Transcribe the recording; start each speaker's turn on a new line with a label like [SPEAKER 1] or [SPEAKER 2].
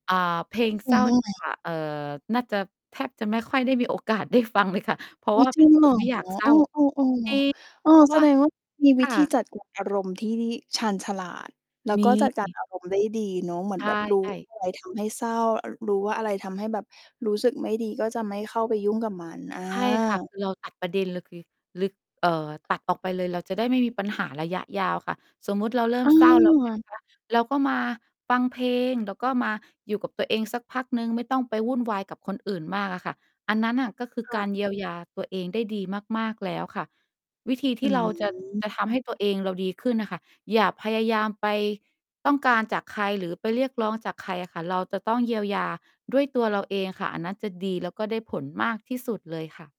[SPEAKER 1] อ่า เพลง
[SPEAKER 2] ม
[SPEAKER 1] ซ
[SPEAKER 2] ั
[SPEAKER 1] ่
[SPEAKER 2] น
[SPEAKER 1] อ
[SPEAKER 2] เรื
[SPEAKER 1] น
[SPEAKER 2] ่องไร?
[SPEAKER 1] ค่ะ เอ่อ น่าจะ แทบจะไม่ค่อยได้มี โอ กาสได้ ฟัง เลยค่ะ เพรา
[SPEAKER 2] อ
[SPEAKER 1] ะ
[SPEAKER 2] ๋อ
[SPEAKER 1] ว่า
[SPEAKER 2] จ
[SPEAKER 1] เป
[SPEAKER 2] ริ
[SPEAKER 1] ็น
[SPEAKER 2] ง
[SPEAKER 1] ค
[SPEAKER 2] เหร
[SPEAKER 1] น
[SPEAKER 2] อ?
[SPEAKER 1] ไม่อยากเศร
[SPEAKER 2] เอ
[SPEAKER 1] ้
[SPEAKER 2] อ
[SPEAKER 1] า
[SPEAKER 2] ๆ
[SPEAKER 1] จริง
[SPEAKER 2] ๆ เออ
[SPEAKER 1] เพราะ
[SPEAKER 2] แส
[SPEAKER 1] ว่า
[SPEAKER 2] ดงว่ามี
[SPEAKER 1] ค
[SPEAKER 2] วิ
[SPEAKER 1] ่
[SPEAKER 2] ธี
[SPEAKER 1] ะ
[SPEAKER 2] จัดการ อารมณ์ที่ชาญฉลาด แล้ว
[SPEAKER 1] ม
[SPEAKER 2] ก็จัดการ
[SPEAKER 1] ี
[SPEAKER 2] อารมณ์ ได้ดีเนาะ เหมือ
[SPEAKER 1] ใ
[SPEAKER 2] นแบบรู้
[SPEAKER 1] ช
[SPEAKER 2] ว
[SPEAKER 1] ่
[SPEAKER 2] ่
[SPEAKER 1] ๆ
[SPEAKER 2] าอะไร ทำให้เศร้า อ่า รู้ว่าอะไรทำให้แบบรู้สึกไม่ดี ก็จะไม่เข้าไปยุ่งกับมัน อ
[SPEAKER 1] ใช่ค่ะ ค
[SPEAKER 2] า
[SPEAKER 1] ือเรา ตัด ประเด็น เลยคือ ลึก เอ่อ ตัดออกไปเลย เราจะได้ไม่มีปัญหาระยะยาวค่ะ สมมุติเราเริ่
[SPEAKER 2] อ
[SPEAKER 1] มเศร้าแล้ว ใช่ไหม
[SPEAKER 2] า
[SPEAKER 1] คะ เราก็มาฟังเพลง เราก็มาอยู่กับตัวเองสักพักหนึ่ง ไม่ต้องไปวุ่นวายกับคนอื่นมากอะค่ะ อันนั้นน่ะก็คือ
[SPEAKER 2] ค่
[SPEAKER 1] ก
[SPEAKER 2] ะ
[SPEAKER 1] ารเยียวยาตัวเองได้ดีมาก ๆ แล้วค่ะ วิธีท
[SPEAKER 2] อื
[SPEAKER 1] ี่เรา จะ
[SPEAKER 2] ม
[SPEAKER 1] จะทำให้ตัวเองเราดีขึ้นน่ะค่ะ อย่าพยายามไปต้องการจากใคร หรือไปเรียกร้องจากใครอะค่ะ เราจะต้องเยียวยาด้วยตัวเราเองค่ะ อันนั้นจะดี แล้วก็ได้ผลมากที่สุดเลยค่ะ